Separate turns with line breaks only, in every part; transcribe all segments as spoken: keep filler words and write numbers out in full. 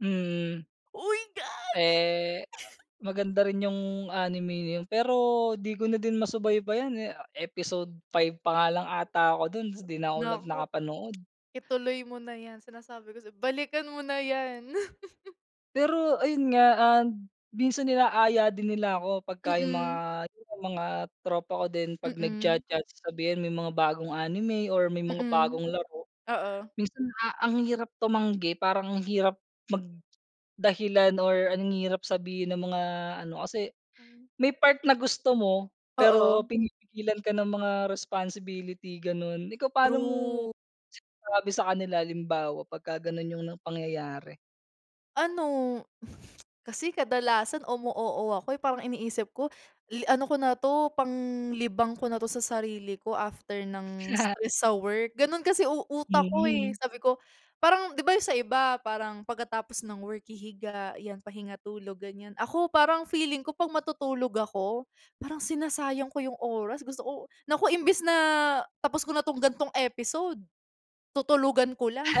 Hmm.
Uy, gagi.
Eh, maganda rin yung anime na yun, pero di ko na din masubaybayan, eh. Episode five pa nga lang ata ako dun 'tas di na ko nag
Naku.
nakapanood.
Ituloy mo na yan sinasabi ko sa 'yo, balikan mo na yan.
Pero ayun nga and minsan inaaya din nila ako, pagka yung mga
Mm.
yun nga mga tropa ko din, pag
Mm.
nagja-judge, sasabihin may mga bagong anime or may mga
Mm.
bagong laro.
Oo.
Minsan a ang hirap tumanggi, parang ang hirap mag-dahilan or ang hirap sabihin ng mga ano, kasi
[unintelligible]
may part na gusto mo pero
Oo.
pinipigilan ka ng mga responsibility gano'n. Ikaw paano mo
True.
sinasabi sa kanila, halimbawa pagka gano’n yung ng pangyayari.
Ano, kasi kadalasan umu-oo ako, eh. Parang iniisip ko, i-ano ko na 'to, panglibang ko na 'to sa sarili ko after ng stress sa work. Ganun kasi u utak ko eh,
Mhm.
sabi ko parang 'di ba yun sa iba, parang pagkatapos ng work hihiga, 'yan pahinga, tulog, ganyan. Ako parang feeling ko pag matutulog ako, parang sinasayang ko yung oras. Gusto ko naku imbis na tapos ko na tong ganitong episode, tutulugan ko lang.
Ha?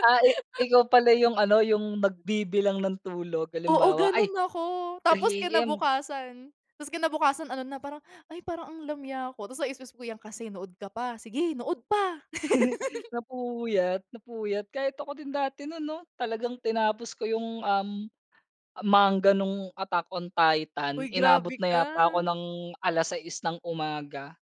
Ah, eh ikaw pala yung ano, yung nagbibilang ng tulog,
Oo,
halimbawa, "Ay,
ganun ako. Tapos
three AM."
kinabukasan ta's kinabukasan ano na parang, "Ay, parang ang lamya ko." ta's sa isip-isip ko, "Yan kasi, nood ka pa. Sige nood pa."
Napuyat, napuyat. Kahit ako din dati nun 'no. Talagang tinapos ko yung, um, manga nung Attack on Titan,
Uy,
inabot
grabe
na
ka.
yata ako ng alas-sais ng umaga.